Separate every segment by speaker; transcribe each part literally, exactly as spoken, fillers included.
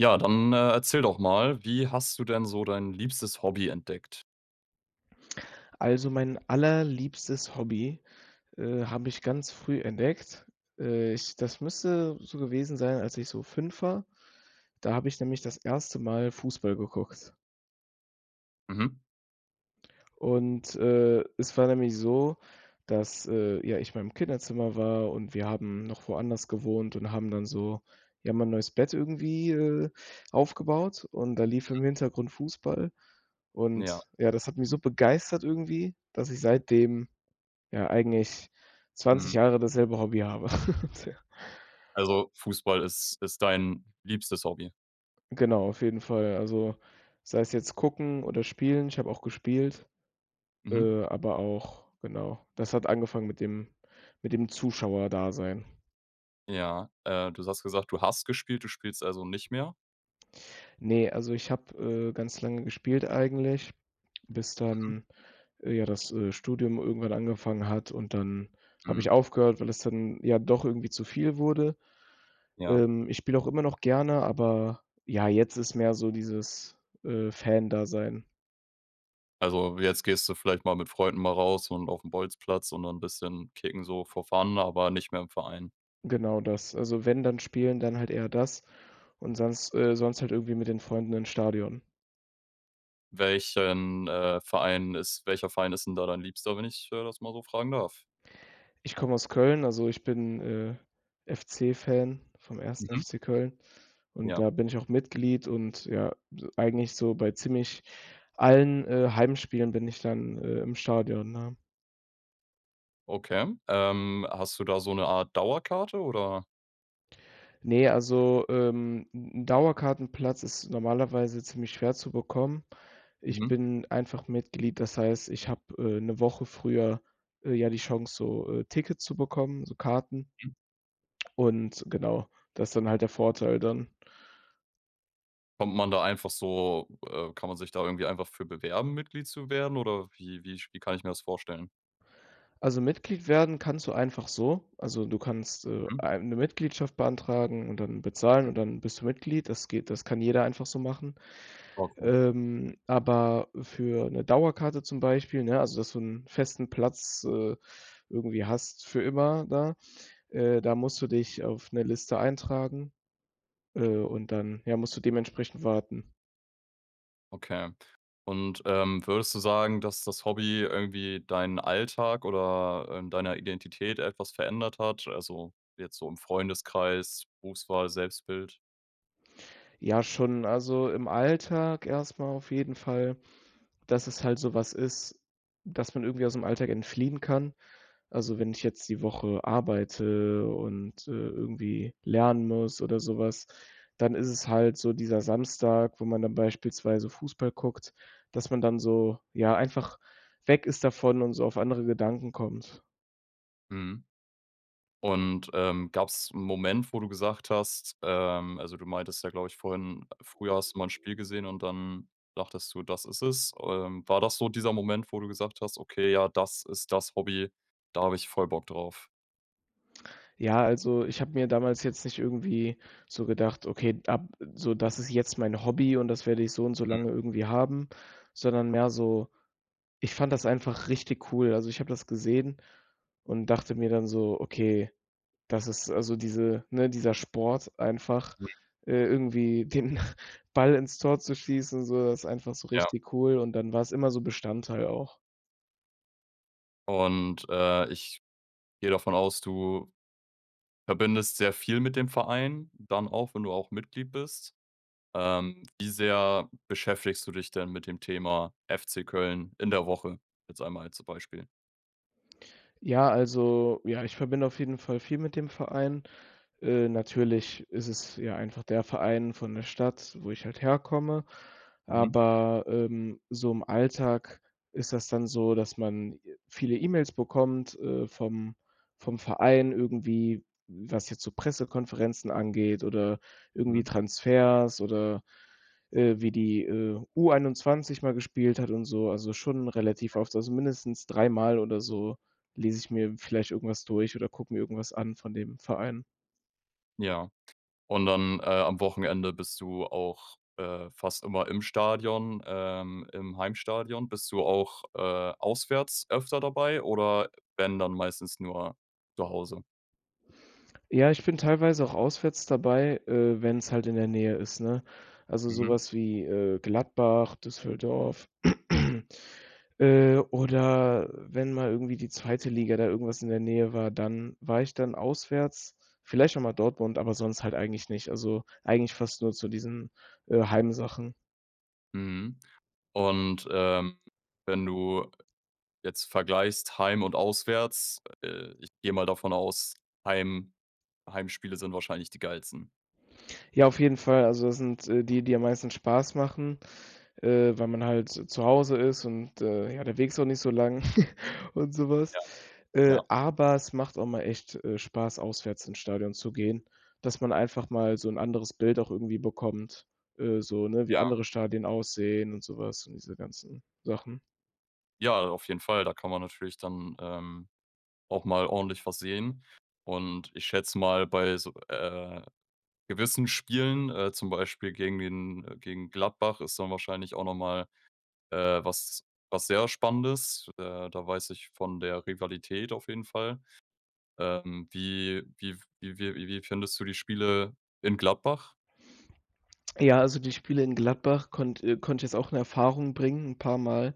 Speaker 1: Ja, dann, äh, erzähl doch mal, wie hast du denn so dein liebstes Hobby entdeckt?
Speaker 2: Also mein allerliebstes Hobby, äh, habe ich ganz früh entdeckt. Äh, ich das müsste so gewesen sein, als ich so fünf war. Da habe ich nämlich das erste Mal Fußball geguckt.
Speaker 1: Mhm.
Speaker 2: Und, äh, es war nämlich so, dass, äh, ja ich in meinem Kinderzimmer war und wir haben noch woanders gewohnt und haben dann so, ja, mein neues Bett irgendwie, äh, aufgebaut, und da lief
Speaker 1: Mhm.
Speaker 2: im Hintergrund Fußball.
Speaker 1: Ja.
Speaker 2: Und ja, das hat mich so begeistert irgendwie, dass ich seitdem ja eigentlich zwanzig
Speaker 1: Mhm.
Speaker 2: Jahre dasselbe Hobby habe.
Speaker 1: Also Fußball ist ist dein liebstes Hobby?
Speaker 2: Genau, auf jeden Fall. Also sei es jetzt gucken oder spielen. Ich habe auch gespielt,
Speaker 1: Mhm.
Speaker 2: äh, aber auch genau, das hat angefangen mit dem mit dem Zuschauerdasein.
Speaker 1: Ja, äh, du hast gesagt, du hast gespielt, du spielst also nicht mehr?
Speaker 2: Ne, also ich habe, äh, ganz lange gespielt eigentlich, bis
Speaker 1: Mhm.
Speaker 2: dann, äh, ja das, äh, Studium irgendwann angefangen hat, und dann habe ich
Speaker 1: Mhm.
Speaker 2: aufgehört, weil es dann ja doch irgendwie zu viel wurde.
Speaker 1: Ja.
Speaker 2: Ähm, ich spiele auch immer noch gerne, aber ja, jetzt ist mehr so dieses, äh, Fan-Dasein.
Speaker 1: Also, jetzt gehst du vielleicht mal mit Freunden mal raus und aufm Bolzplatz und dann 'n bisschen kicken so for fun, aber nicht mehr im Verein.
Speaker 2: Genau das. Also wenn, dann spielen, dann halt eher das und sonst äh, sonst halt irgendwie mit den Freunden ins Stadion.
Speaker 1: Welchen, äh, Verein ist welcher Verein ist 'n da dein liebster, wenn ich, ja, das mal so fragen darf?
Speaker 2: Ich komme aus Köln, also ich bin, äh, FC-Fan vom 1.
Speaker 1: Mhm.
Speaker 2: FC Köln. Und
Speaker 1: Ja.
Speaker 2: da bin ich auch Mitglied und ja, e eigentlich so bei ziemlich allen, äh, Heimspielen bin ich dann, äh, im Stadion, ne?
Speaker 1: Okay, ähm, hast du da so 'ne Art Dauerkarte, oder
Speaker 2: Ne, also, ähm, 'n 'n Dauerkartenplatz ist normalerweise ziemlich schwer zu bekommen. Ich
Speaker 1: Mhm.
Speaker 2: bin einfach Mitglied, das heißt, ich habe, äh, 'ne Woche früher, äh, ja, die Chance, so Tickets zu bekommen, so Karten
Speaker 1: Mhm.
Speaker 2: und genau, das ist dann halt der Vorteil dann.
Speaker 1: Kommt man da einfach so, äh kann man sich da irgendwie einfach für bewerben, Mitglied zu werden, oder wie wie sch wie kann ich mir das vorstellen?
Speaker 2: Also Mitglied werden kannst du einfach so. Also du kannst, äh,
Speaker 1: Mhm.
Speaker 2: eine Mitgliedschaft beantragen und dann bezahlen und dann bist du Mitglied. Das geht das kann jeder einfach so machen.
Speaker 1: Okay.
Speaker 2: Ähm, aber für 'ne Dauerkarte zum Beispiel, ne, also dass du 'n festen Platz, äh, irgendwie hast für immer da äh, da musst du dich auf 'ne Liste eintragen, äh, und dann, ja, musst du dementsprechend warten.
Speaker 1: Okay. Und, ähm, würdest du sagen, dass das Hobby irgendwie deinen Alltag oder in deiner Identität etwas verändert hat, also jetzt so im Freundeskreis, Berufswahl, Selbstbild?
Speaker 2: Ja, schon. Also im Alltag erst mal auf jeden Fall, dass es halt so was ist, dass man irgendwie ausm Alltag entfliehen kann. Also, wenn ich jetzt die Woche arbeite und, äh, irgendwie lernen muss oder so was, dann ist es halt so dieser Samstag, wo man dann beispielsweise Fußball guckt, dass man dann so ja, einfach weg ist davon und so auf andere Gedanken kommt.
Speaker 1: Mhm. Und, ähm, gab's 'n Moment, wo du gesagt hast, ähm also du meintest ja, glaube ich, vorhin: Früher hast du mal 'n Spiel gesehen und dann dachtest du, „das ist es.“ Ähm, war das so dieser Moment, wo du gesagt hast: „Okay, ja, das ist das Hobby, da habe ich voll Bock drauf“?
Speaker 2: Ja, also ich habe mir damals jetzt nicht irgendwie so gedacht: „Okay, ab so das ist jetzt mein Hobby und das werde ich so und so
Speaker 1: Hm.
Speaker 2: lange irgendwie haben“, sondern mehr so, ich fand das einfach richtig cool. Also, ich habe das gesehen und dachte mir dann so: „Okay, das ist also diese ne, dieser Sport einfach,
Speaker 1: Ui.
Speaker 2: äh, irgendwie den Ball ins Tor zu schließen so, das einfach so
Speaker 1: Ja.
Speaker 2: richtig cool“ und dann war's immer so Bestandteil auch.
Speaker 1: Und, äh, ich gehe davon aus, du verbindest sehr viel mit dem Verein, dann auch, wenn du auch Mitglied bist. Ähm, wie sehr beschäftigst du dich denn mit dem Thema FC Köln in der Woche, jetzt einmal als Beispiel?
Speaker 2: Ja, also, ja, ich verbinde auf jeden Fall viel mit dem Verein. Äh, natürlich ist es ja einfach der Verein von der Stadt, wo ich halt herkomme,
Speaker 1: Mhm.
Speaker 2: aber, ähm, so im Alltag ist das dann so, dass man viele E-Mails bekommt, äh, vom vom Verein irgendwie, was jetzt so Pressekonferenzen angeht oder irgendwie
Speaker 1: Hm.
Speaker 2: Transfers oder, äh, wie die, äh, U21 mal gespielt hat und so, also schon relativ
Speaker 1: [unintelligible]
Speaker 2: oft, also mindestens dreimal oder so, lese ich mir vielleicht irgendwas durch oder gucke mir irgendwas an von dem Verein.
Speaker 1: Ja, und dann, äh, am Wochenende bist du auch, äh, fast immer im Stadion, ähm, im Heimstadion. Bist du auch, äh, auswärts öfter dabei oder wenn, dann meistens nur zu Hause?
Speaker 2: Ja, ich bin teilweise auch auswärts dabei, äh, wenn's halt in der Nähe ist, ne? Also so
Speaker 1: Mhm.
Speaker 2: was wie, äh, Gladbach, Düsseldorf, äh, oder wenn mal irgendwie die zweite Liga da irgendwas in der Nähe war, dann war ich dann auswärts. Vielleicht auch mal Dortmund, aber sonst halt eigentlich nicht. Also, eigentlich fast nur zu diesen, äh, Heim-Sachen.
Speaker 1: Mhm. Und, ähm, wenn du jetzt vergleichst heim und auswärts, äh, ich gehe mal davon aus, Heim Heimspiele sind wahrscheinlich die geilsten.
Speaker 2: Ja, auf jeden Fall, also sind, äh, die, die am meisten Spaß machen, äh, weil man halt z zu Hause ist und, äh, ja, der Weg ist auch nicht so lang und so was.
Speaker 1: Ja.
Speaker 2: Äh,
Speaker 1: Ja.
Speaker 2: aber es macht auch mal echt, äh, Spaß, auswärts, ins Stadion zu gehen, dass man einfach mal so 'n anderes Bild auch irgendwie bekommt, äh, so 'ne, wie
Speaker 1: Ja.
Speaker 2: andere Stadien aussehen und so was und diese ganzen Sachen.
Speaker 1: Ja, auf jeden Fall, da kann man natürlich dann, ähm, auch mal ordentlich was sehen und ich schätze mal, bei so, äh, gewissen Spielen, äh, zum Beispiel gegen den gegen Gladbach ist dann wahrscheinlich auch noch mal, äh, was was sehr Spannendes. Äh, da weiß ich von der Rivalität auf jeden Fall. Ähm, wie wie f wie wie wie findest du die Spiele in Gladbach?
Speaker 2: Ja, also die Spiele in Gladbach konnt äh, konnte ich jetzt auch 'ne Erfahrung bringen 'n paar Mal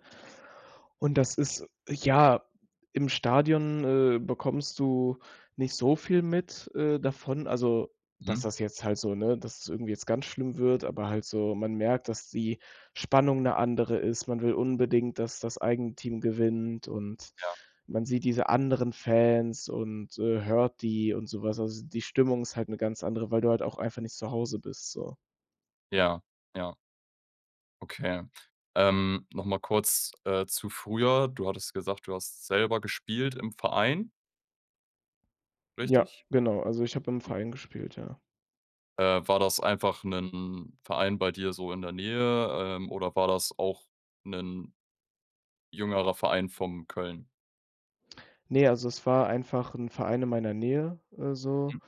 Speaker 2: und das ist, ja, im Stadion, äh, bekommst du nicht so viel mit, äh, davon, also, dass
Speaker 1: Mhm.
Speaker 2: das jetzt halt so ne, dass es irgendwie jetzt ganz schlimm wird, aber halt so man merkt, dass die Spannung 'ne andere ist. Man will unbedingt, dass das eigene Team gewinnt und
Speaker 1: Ja.
Speaker 2: man sieht diese anderen Fans und, äh, hört die und so was. Also, die Stimmung ist halt 'ne ganz andere, weil du halt auch einfach nicht zu Hause bist, so.
Speaker 1: Ja. Ja. Okay. Ähm, noch mal kurz, äh, zu früher. Du hattest gesagt, du hast selber gespielt im Verein
Speaker 2: Ja
Speaker 1: richtig?
Speaker 2: genau, also ich habe im Verein gespielt ja.
Speaker 1: Äh, war das einfach 'nen Verein bei dir so in der Nähe, ähm, oder war das auch 'nen jüngerer Verein von Köln?
Speaker 2: Ne, also es war einfach 'n Verein in meiner Nähe, äh, so.
Speaker 1: Mhm.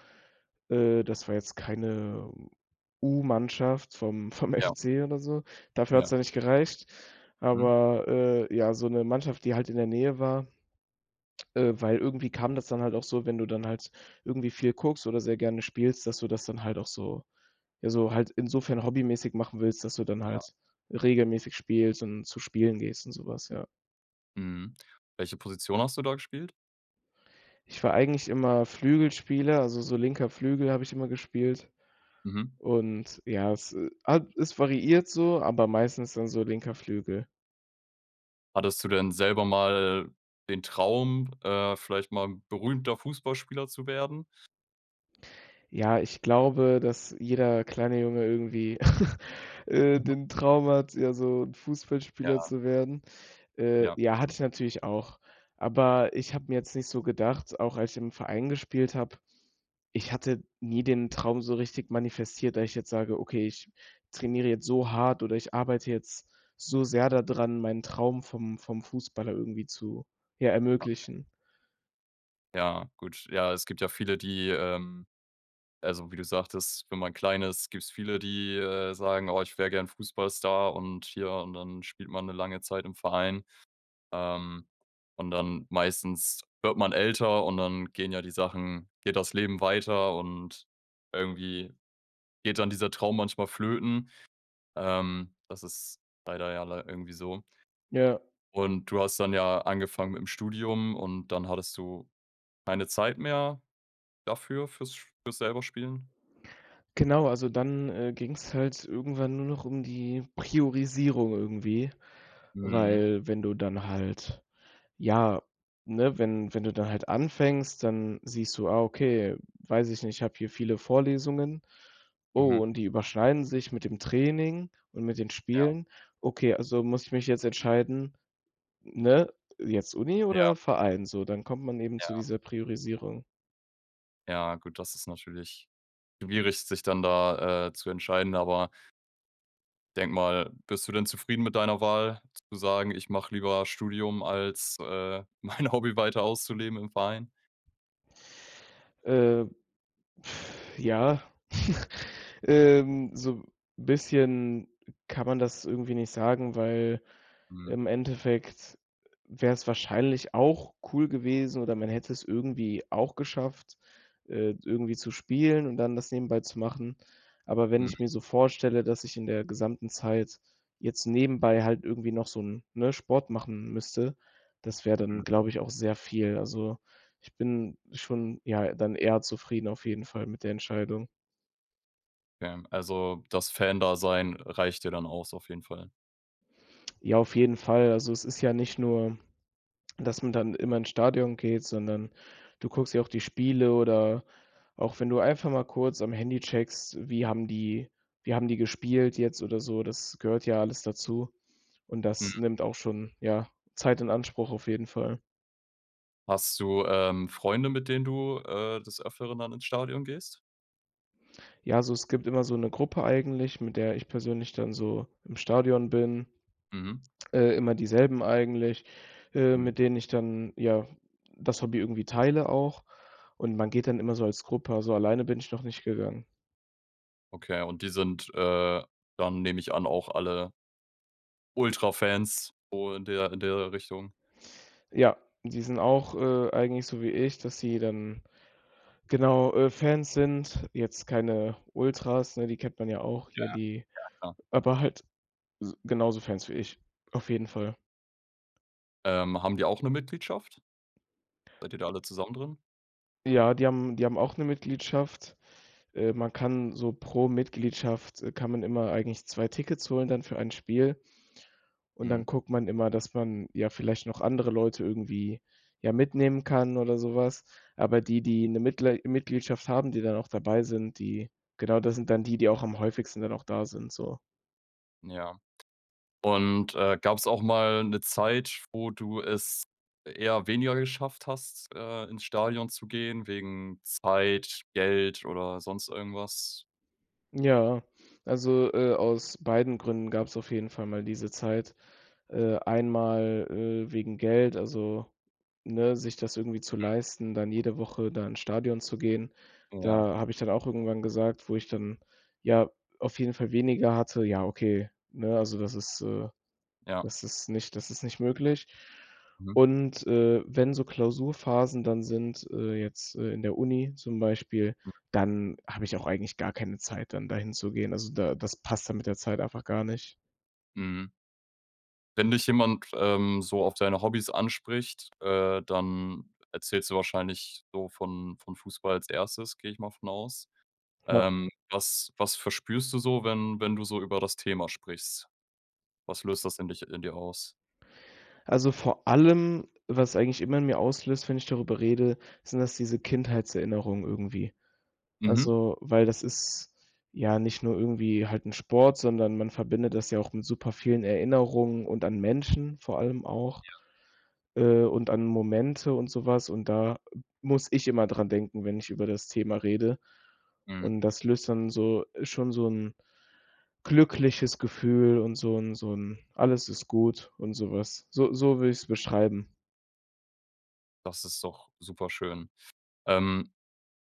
Speaker 2: Äh, das war jetzt keine U-Mannschaft vom vom
Speaker 1: Ja.
Speaker 2: FC oder so. Dafür hat es
Speaker 1: Ja.
Speaker 2: dann nicht gereicht,
Speaker 1: Mhm.
Speaker 2: aber, äh, ja, so 'ne Mannschaft, die halt in der Nähe war, äh, weil irgendwie kam das dann halt auch so, wenn du dann halt irgendwie viel guckst oder sehr gerne spielst, dass du das dann halt auch so ja, so halt insofern hobbymäßig machen willst, dass du dann
Speaker 1: Ja.
Speaker 2: halt regelmäßig spielst und zu Spielen gehst und so was, ja.
Speaker 1: Mhm. Welche Position hast du da gespielt?
Speaker 2: Ich war eigentlich immer Flügelspieler, also so linker Flügel hab ich immer gespielt.
Speaker 1: Mhm.
Speaker 2: Und, ja, es hat es ist variiert so, aber meistens dann so linker Flügel.
Speaker 1: Hattest du denn selber mal den Traum, äh, vielleicht mal 'n berühmter Fußballspieler zu werden?
Speaker 2: Ja, ich glaube, dass jeder kleine Junge irgendwie, äh, den Traum hat, ja so 'n Fußballspieler
Speaker 1: Ja.
Speaker 2: zu werden. Äh,
Speaker 1: Ja.
Speaker 2: ja, hatte ich natürlich auch. Aber ich habe mir jetzt nicht so gedacht, auch als ich im Verein gespielt habe ich hatte nie den Traum so richtig manifestiert, dass ich jetzt sage: „Okay, ich trainiere jetzt so hart oder ich arbeite jetzt so sehr da dran, meinen Traum vom vom Fußballer irgendwie zu, ja,
Speaker 1: Okay.
Speaker 2: ermöglichen.“
Speaker 1: Ja, gut. Ja, es gibt ja viele, die, ähm also wie du sagtest, wenn man klein ist, gibt's viele, die, äh, sagen: „Oh, ich wäre gerne Fußballstar und hier“ und dann spielt man 'ne lange Zeit im Verein. Ähm, und dann, meistens wird man älter und dann gehen ja die Sachen, geht das Leben weiter und irgendwie geht dann dieser Traum manchmal flöten. Ähm, das ist leider ja lei irgendwie so.
Speaker 2: Ja.
Speaker 1: Und du hast dann ja angefangen mitm Studium und dann hattest du keine Zeit mehr dafür, fürs sch fürs selber Spielen?
Speaker 2: Genau, also dann, äh, ging's halt irgendwann nur noch um die Priorisierung irgendwie,
Speaker 1: Mhm.
Speaker 2: weil wenn du dann halt ja ne, wenn wenn du dann halt anfängst, dann siehst du: „Ah, okay, weiß ich nicht, ich habe hier viele Vorlesungen. Oh,
Speaker 1: Mhm.
Speaker 2: und die überschneiden sich mit dem Training und mit den
Speaker 1: Ja.
Speaker 2: Spielen. Okay, also muss ich mich jetzt entscheiden“ ne, jetzt Uni
Speaker 1: Ja.
Speaker 2: oder Verein so, dann kommt man eben zu
Speaker 1: Ja.
Speaker 2: dieser Priorisierung.
Speaker 1: Ja, gut, das ist natürlich schwierig, sich dann da, äh, zu entscheiden, aber denke mal, bist du denn zufrieden mit deiner Wahl zu sagen, ich mache lieber Studium als, äh, mein Hobby weiter auszuleben im Verein?
Speaker 2: Äh, ja, ähm, so 'n bisschen kann man das irgendwie nicht sagen, weil
Speaker 1: Mhm.
Speaker 2: im Endeffekt wäre es wahrscheinlich auch cool gewesen oder man hätte es irgendwie auch geschafft, äh, d irgendwie zu spielen und dann das nebenbei zu machen. Aber wenn
Speaker 1: Mhm.
Speaker 2: ich mir so vorstelle, dass ich in der gesamten Zeit jetzt nebenbei halt irgendwie noch so 'n, ne, Sport machen müsste, das wäre dann,
Speaker 1: Mhm.
Speaker 2: glaube ich, auch sehr viel. Also, ich bin schon ja dann eher zufrieden auf jeden Fall mit der Entscheidung.
Speaker 1: Ja, also das Fan-Dasein reicht dir dann aus auf jeden Fall.
Speaker 2: Ja, auf jeden Fall. Also, es ist ja nicht nur, dass man dann immer ins Stadion geht, sondern du guckst ja auch die Spiele oder auch wenn du einfach mal kurz am Handy checkst, wie haben die wie haben die gespielt jetzt oder so? Das gehört ja alles dazu. Und das
Speaker 1: Mhm.
Speaker 2: nimmt auch schon, ja, Zeit in Anspruch, auf jeden Fall.
Speaker 1: Hast du, ähm, Freunde, mit denen du, äh, des Öfteren dann ins Stadion gehst?
Speaker 2: Ja, so es gibt immer so 'ne Gruppe eigentlich, mit der ich persönlich dann so im Stadion bin.
Speaker 1: Mhm.
Speaker 2: Äh, immer dieselben eigentlich, äh,
Speaker 1: Mhm.
Speaker 2: mit denen ich dann, ja, das Hobby irgendwie teile auch. Und man geht dann immer so als Gruppe, also alleine bin ich noch nicht gegangen.
Speaker 1: Okay, und die sind, äh, dann nehme ich an, auch alle Ultra-Fans und der in der Richtung.
Speaker 2: Ja, die sind auch, äh, eigentlich so wie ich, dass sie dann genau, äh, Fans sind. Jetzt keine Ultras, ne, die kennt man ja auch.
Speaker 1: Ja,
Speaker 2: Hier die
Speaker 1: ja klar.
Speaker 2: aber halt s genauso Fans wie ich. Auf jeden Fall.
Speaker 1: Ähm, haben die auch 'ne Mitgliedschaft? Seid ihr da alle zusammen drin?
Speaker 2: Ja, die haben die haben auch 'ne Mitgliedschaft. Äh, man kann so pro Mitgliedschaft kann man immer eigentlich zwei Tickets holen dann für ein Spiel. Und dann
Speaker 1: Mhm.
Speaker 2: guckt man immer, dass man ja vielleicht noch andere Leute irgendwie, ja, mitnehmen kann oder so was. Aber die die 'ne Mitglei Mitgliedschaft haben, die dann auch dabei sind, die genau das sind dann die, die auch am häufigsten dann auch da sind so.
Speaker 1: Ja. Und, äh, gab's auch mal 'ne Zeit, wo du es eher weniger geschafft hast, äh, ins Stadion zu gehen wegen Zeit, Geld oder sonst irgendwas?
Speaker 2: Ja, also, äh, aus beiden Gründen gab's auf jeden Fall mal diese Zeit. Äh, einmal, äh, wegen Geld, also, ne, sich das irgendwie zu
Speaker 1: Mhm.
Speaker 2: leisten, dann jede Woche da ins Stadion zu gehen.
Speaker 1: Ja.
Speaker 2: Da habe ich dann auch irgendwann gesagt, wo ich dann, ja, auf jeden Fall weniger hatte ja okay, 'ne, also das ist äh,
Speaker 1: Ja.
Speaker 2: das ist nicht das ist nicht möglich.
Speaker 1: Mhm.
Speaker 2: Und, äh, wenn so Klausurphasen dann sind, äh, jetzt, äh, in der Uni zum Beispiel,
Speaker 1: Mhm.
Speaker 2: dann habe ich auch eigentlich gar keine Zeit, dann dahinzugehen. Also da das passt dann mit der Zeit einfach gar nicht.
Speaker 1: Mhm. Wenn dich jemand, ähm, so auf deine Hobbys anspricht, äh, dann erzählst du wahrscheinlich so von von Fußball als Erstes, gehe ich mal von aus.
Speaker 2: Ja.
Speaker 1: Ähm, was was verspürst du so, wenn wenn du so über das Thema sprichst? Was löst das in dich in dir aus?
Speaker 2: Also vor allem, was eigentlich immer in mir auslöst, wenn ich darüber rede, sind das diese Kindheitserinnerungen irgendwie.
Speaker 1: Mhm.
Speaker 2: Also, weil das ist ja nicht nur irgendwie halt 'n Sport, sondern man verbindet das ja auch mit supervielen Erinnerungen und an Menschen vor allem auch.
Speaker 1: Ja.
Speaker 2: Äh, und an Momente und so was und da muss ich immer dran denken, wenn ich über das Thema rede.
Speaker 1: Mhm.
Speaker 2: Und das löst dann so, schon so 'n glückliches Gefühl und so 'n so 'n „alles ist gut“ und so was. So so würde ich's beschreiben.
Speaker 1: Das ist doch superschön. Ähm,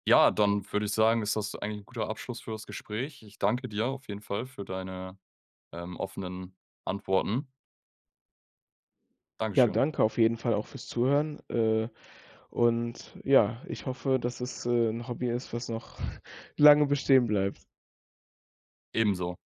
Speaker 1: ja, dann würde ich sagen, ist das eigentlich 'n guter Abschluss für das Gespräch. Ich danke dir auf jeden Fall für deine, ähm, offenen Antworten.
Speaker 2: Ja,
Speaker 1: Dankeschön.
Speaker 2: danke auf jeden Fall auch fürs Zuhören. Äh, und ja, ich hoffe, dass es, äh, 'n Hobby ist, was noch lange bestehen bleibt.
Speaker 1: Ebenso.